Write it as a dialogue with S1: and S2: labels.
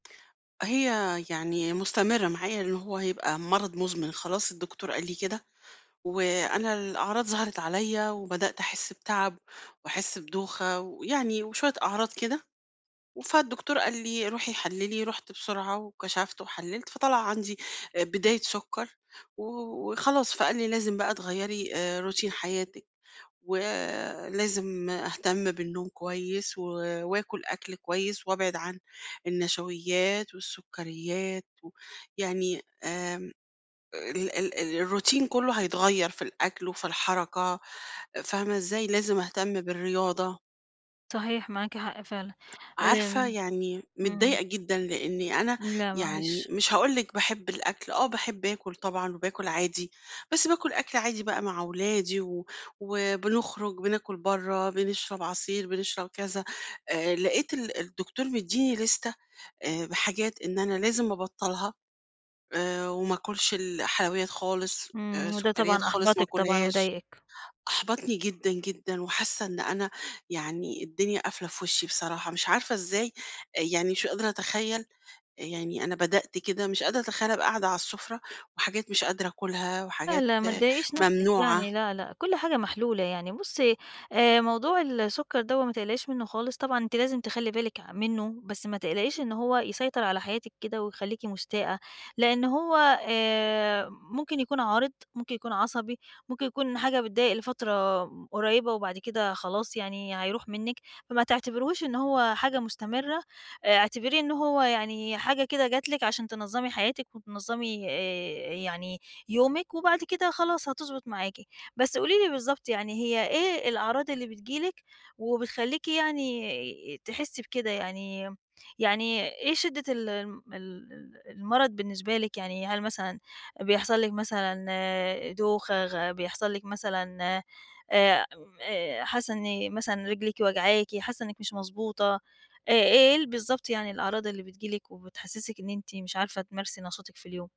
S1: هي يعني مستمِّرة معايا إن هو هيبقى مرَض مُزمِن خلاص الدكتور قال لي كده، وأنا الأعراض ظهرِت عليَّ، وبدأت أحس بتعَب وأحس بدوخة ويعني وشوية أعراض كده، و فالدكتور قال لي روحي حَلِّلي، رُحت بسرعة وكشفت وحَلِّلت فطلَع عندي، آآ بداية سكّر و وخلاص، فقال لي لازم بقى تغيّري آآ، روتين حياتِك و لازم أهتم بالنوم كويس و وآكُل أكْل كويس، وأبعِد عن النشويات والسّكريات و يعني آآ، ال ال ال الروتين كلّه هيتغير في الأكل وفي الحركة، فاهمة إزاي، لازم أهتم بالرياضة.
S2: صحيح معاكِ حق فعلًا.
S1: عارفة،
S2: آمم
S1: يعني
S2: إمم.
S1: متضايقة جدًا لأني أنا
S2: لأ،
S1: يعني
S2: معلش.
S1: مش هاقول لِك باحب الأكل، آه باحب آكُل طبعًا وباكُل عادي، بس باكُل أكْل عادي بقى مع أولادي و وبنخرُج بناكُل برّه، بنشرب عصير، بنشرب كذا آآ، لقيت ال الدكتور مدّيني لِستة آآ بحاجات إن أنا لازم أبطّلها آآ، وما آكُلش الحلويّات خالص آآ،
S2: إمم، وده
S1: سكريّات
S2: طبعًا
S1: خالص ما
S2: أحبَطِك طبعًا
S1: أكُلهاش،
S2: وضايقِك.
S1: أحبطني جدًا، جدًا، وحاسّة إن أنا يعني الدنيا قافلة في وشّي بصراحة، مش عارفة إزاي، يعني مش قادرة أتخيّل، يعني أنا بدأت كده مش قادرة أتخيّل ابقى قاعدة على السُّفرة، وحاجات مش قادرة آكُلها
S2: لأ،
S1: وحاجات
S2: لأ، ما تضَايقيش نفسِك يعني،
S1: ممنوعة.
S2: لأ، لأ، كلّ حاجة محلولة، يعني بُصّي آآ، موضوع السكّر دَوّة ما تقلقيش منُّه خالص، طبعًا أنتِ لازِم تخلّي بالِك ع منُّه بس ما تقلقيش إن هو يسيطر على حياتِك كده، ويخلّيكِ مُستاءة لأن هو آآ ممكن يكون عارِض، ممكن يكون عصبي، ممكن يكون حاجة بتضايق لفترة قريّبة وبعد كده خلاص يعني، هيروح منِك فما تعتبريهوش إن هو حاجة مستمِّرة، اعتبريه إن هو يعني حاجة كده جَت لِك عشان تنظّمي حياتِك وتنظّمي آآ، يعني يومِك وبعد كده خلاص هتضبُط معاكِ. بس قولي لي بالضبط يعني هي إيه الأعراض اللي بتيجي لِك وبتخلّيكِ يعني تحسّي بكده، يعني يعني إيه شِدّة ال ال ال المرَض بالنسبة لِك، يعني هل مثلًا بيحصَل ِلك مثلًا دوخة غ بيحصَل لِك مثلًا آآ آآ حاسّة إن مثلًا رجليكِ واجعاكِ، حاسّة إنك مش مضبوطة آآ، إيه ال بالضبط يعني الأعراض اللي بتيجي لِك وبتحسّسِك إن أنتِ مش عارفة تمارسي نشاطِك في اليوم.